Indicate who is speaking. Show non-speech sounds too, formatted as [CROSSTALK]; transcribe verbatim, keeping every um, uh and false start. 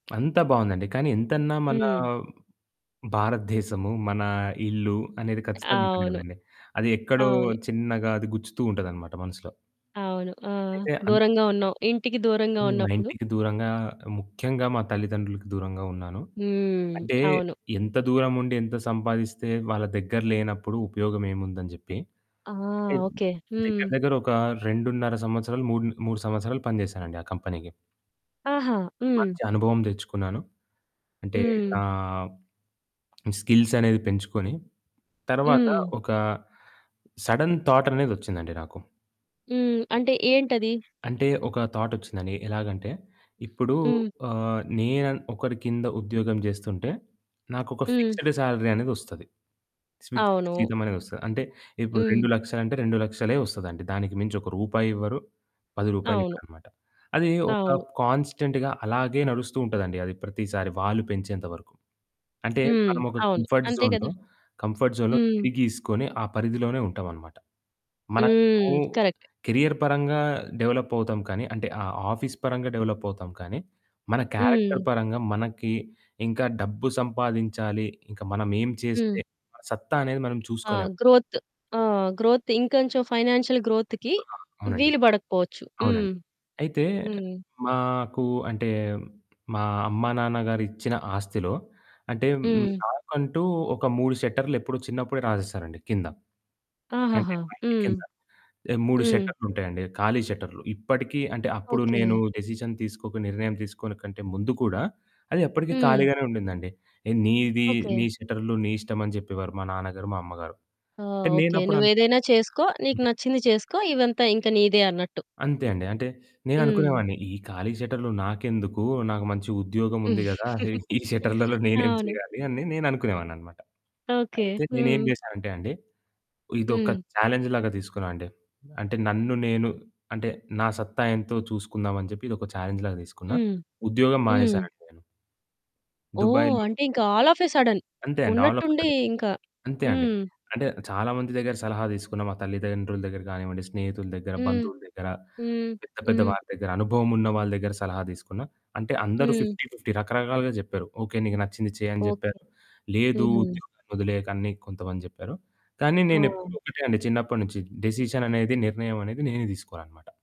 Speaker 1: అంతా బావుందండి. కానీ ఎంతన్నా మనా,
Speaker 2: హ్మ్.
Speaker 1: భారత దేశము, మన ఇల్లు అనేది ఖచ్చితంగా ఉంటుంది
Speaker 2: అవును.
Speaker 1: కదండీ. అది ఎక్కడో
Speaker 2: అవును.
Speaker 1: చిన్నగా అది గుచ్చుతూ ఉంటదనమాట మనసులో.
Speaker 2: అవును. ఆహ్,
Speaker 1: అయితే అం
Speaker 2: దూరంగా ఉన్నాం. ఇంటికి దూరంగ
Speaker 1: హ్మ్. మా
Speaker 2: ఉన్నప్పుడు
Speaker 1: ఇంటికి దూరంగా, ముఖ్యంగా మా తల్లిదండ్రులకి దూరంగా ఉన్నాను.
Speaker 2: హ్మ్.
Speaker 1: అంటే
Speaker 2: అవును.
Speaker 1: ఎంత దూరముండి, ఎంత సంపాదిస్తే వాళ్ళ దగ్గర లేనప్పుడు ఉపయోగమేముందని జెప్పి.
Speaker 2: ఆ!
Speaker 1: అంటే
Speaker 2: ఓకే.
Speaker 1: దగ్గర
Speaker 2: హ్మ్.
Speaker 1: దగ్గర ఒక రెండున్నర సంవత్సరాలు మూడు మూడు సంవత్సరాలు పని జేసానండి ఆ కంపెనీకి.
Speaker 2: ఆహా! హ్మ్.
Speaker 1: మంచి అనుభవం దెచ్చుకున్నాను. అంటే [SMACKS LIPS] నా
Speaker 2: హ్మ్.
Speaker 1: స్కిల్సనేవి పెంచుకొని తరువాత
Speaker 2: హ్మ్.
Speaker 1: ఒక సడెన్ థాటనేది వచ్చిందండి నాకు.
Speaker 2: హ్మ్ అంటే ఏంటది?
Speaker 1: అంటే ఒక థాట్ వచ్చిందండి. ఎలాగంటే ఇప్పుడు
Speaker 2: హ్మ్.
Speaker 1: ఆహ్, నేనన్ ఒకరి కింద ఉద్యోగం జేస్తుంటే నాకు ఒక
Speaker 2: హ్మ్.
Speaker 1: ఫిక్స్‌డ్ సాలరీ అనేది వస్తది. ఫిక్స్‌డ్
Speaker 2: అవును.
Speaker 1: జీతమనేది వస్తది. అంటే ఇప్పుడు రెండు
Speaker 2: హ్మ్.
Speaker 1: లక్షలు అంటే రెండు లక్షలే వస్తదండి. దానికి మించి ఒక రూపాయి ఇవ్వరు. పది రూపాయలు
Speaker 2: అవును.
Speaker 1: ఇవ్వరన్నమాట. అది ఒక
Speaker 2: అవును.
Speaker 1: కాన్‌స్టెంట్‌గా అలాగే నడుస్తూ ఉంటదండి. అది ప్రతిసారి వాళ్ళు పెంచేంత వరకు. అంటే
Speaker 2: హ్మ్.
Speaker 1: మనము ఒక
Speaker 2: అవును.
Speaker 1: కంఫర్ట్
Speaker 2: అంతే
Speaker 1: జోన్‌లో
Speaker 2: గదా!
Speaker 1: కంఫర్ట్ జోన్‌లో
Speaker 2: హ్మ్.
Speaker 1: గిరిగీసుకొని ఆ పరిధిలోనే ఉంటామన్నమాట. మనకు
Speaker 2: హ్మ్. కరెక్ట్.
Speaker 1: కేరియర్ పరంగా డెవలపవుతాం కానీ అంటే ఆహ్, ఆఫీసు పరంగా డెవలపవుతాం. కానీ మన క్యారెక్టర్
Speaker 2: హ్మ్.
Speaker 1: పరంగా మనకి ఇంకా డబ్బు సంపాదించాలి. ఇంకా మనమేం చేస్తే
Speaker 2: హ్మ్.
Speaker 1: మన సత్తా అనేది మనం
Speaker 2: ఆ
Speaker 1: చూసుకోలేం.
Speaker 2: గ్రోత్ ఆహ్, గ్రోత్ ఇంకొంచెం ఫైనాన్షియల్ గ్రోత్‌కి
Speaker 1: ఆ! అవునండి.
Speaker 2: వీలు బడకపోవచ్చు. హ్మ్.
Speaker 1: అవునండి. అయితే
Speaker 2: హ్మ్.
Speaker 1: మాకు అంటే, మా అమ్మా నాన్న గారు ఇచ్చిన ఆస్తిలో, అంటే
Speaker 2: హ్మ్.
Speaker 1: నాకంటూ ఒక మూడు షట్టర్లెప్పుడో చిన్నప్పుడే రాసేసారండి కింద. అంటే
Speaker 2: ఆహాహా!
Speaker 1: మా ఇంటి
Speaker 2: హ్మ్.
Speaker 1: కింద. మూడు
Speaker 2: హ్మ్.
Speaker 1: షట్టర్లుంటాయండి. ఖాళీ షట్టర్లు. ఇప్పటికి అంటే అప్పుడు నేను
Speaker 2: ఓకే.
Speaker 1: డెసిషన్ తీసుకోక నిర్ణయం తీసుకోనె కంటే ముందు కూడా అది అప్పటికి
Speaker 2: హ్మ్.
Speaker 1: ఖాళీగానే ఉండిందండి. "నీది
Speaker 2: ఓకే.
Speaker 1: నీ షట్టర్లు నీ ఇష్టం" అని జెప్పేవారు మా నాన్నగారు, మా అమ్మగారు.
Speaker 2: ఆ
Speaker 1: అంటే
Speaker 2: ఓకే.
Speaker 1: నేనప్పుడు
Speaker 2: నువ్వేదైనా చేసుకో. నీకు
Speaker 1: అంతే.
Speaker 2: నచ్చింది చేసుకో. ఇదంతా ఇంక నీదే అన్నట్టు.
Speaker 1: అంతే అండి. అంటే నేను
Speaker 2: హ్మ్.
Speaker 1: అనుకునేవాడిని ఈ ఖాళీ షట్టర్లు నాకెందుకు నాకు మంచి ఉద్యోగముంది గదా! ఈ షట్టర్లలో
Speaker 2: [CHUCKLES]
Speaker 1: నేనేం
Speaker 2: అవును.
Speaker 1: చేయాలి అని నేను అనుకునేవాడినన్నమాట.
Speaker 2: ఓకే.
Speaker 1: అయితే నేనేం
Speaker 2: హ్మ్.
Speaker 1: జేశానంటే అండి. ఇదొక
Speaker 2: హ్మ్.
Speaker 1: ఛాలెంజ్ లాగా దీసుకున్నానండి. అంటే నన్ను నేను అంటే నా సత్తాయెంతో చూసుకుందామని జెప్పి, ఇదొక ఛాలెంజ్ లాగా దీసుకున్నా.
Speaker 2: హ్మ్.
Speaker 1: ఉద్యోగం
Speaker 2: హ్మ్.
Speaker 1: మానేశానండి నేను.
Speaker 2: ఓహ్!
Speaker 1: దుబాయ్‌లో
Speaker 2: అంటే ఇంక ఆల్ ఆఫ్ ఎ సడెన్.
Speaker 1: అంతే అండి. ఆల్ ఆఫ్ ఎ
Speaker 2: ఉన్నట్టుండి
Speaker 1: సడన్.
Speaker 2: ఇంకా
Speaker 1: అంతే అండి.
Speaker 2: హ్మ్.
Speaker 1: అంటే చాలా మంది దగ్గర సలహా దీసుకున్నా. మా తల్లిదండ్రుల దగ్గర కానివ్వండి, స్నేహితుల దగ్గర,
Speaker 2: హ్మ్.
Speaker 1: బంధువుల దగ్గర,
Speaker 2: హ్మ్.
Speaker 1: పెద్ద పెద్ద
Speaker 2: హ్మ్.
Speaker 1: వారి దగ్గర, అనుభవం ఉన్న వాళ్ళ దగ్గర సలహా తీసుకున్న. అంటే అందరూ
Speaker 2: హ్మ్.
Speaker 1: ఫిఫ్టీ ఫిఫ్టీ రకరకాలుగా జెప్పారు. "ఓకే. నీకు నచ్చింది చెయ్యని"
Speaker 2: ఓకే.
Speaker 1: జెప్పారు. "లేదు
Speaker 2: హ్మ్.
Speaker 1: ఉద్యోగం వదిలేయకు" అని కొంతమంది జెప్పారు. కానీ నేను
Speaker 2: ఓహ్!
Speaker 1: ఎప్పుడు ఒకటే అండి చిన్నప్పటి నుంచి డెసిషన్ అనేది నిర్ణయమనేది నేనే తీసుకోవాలన్నమాట.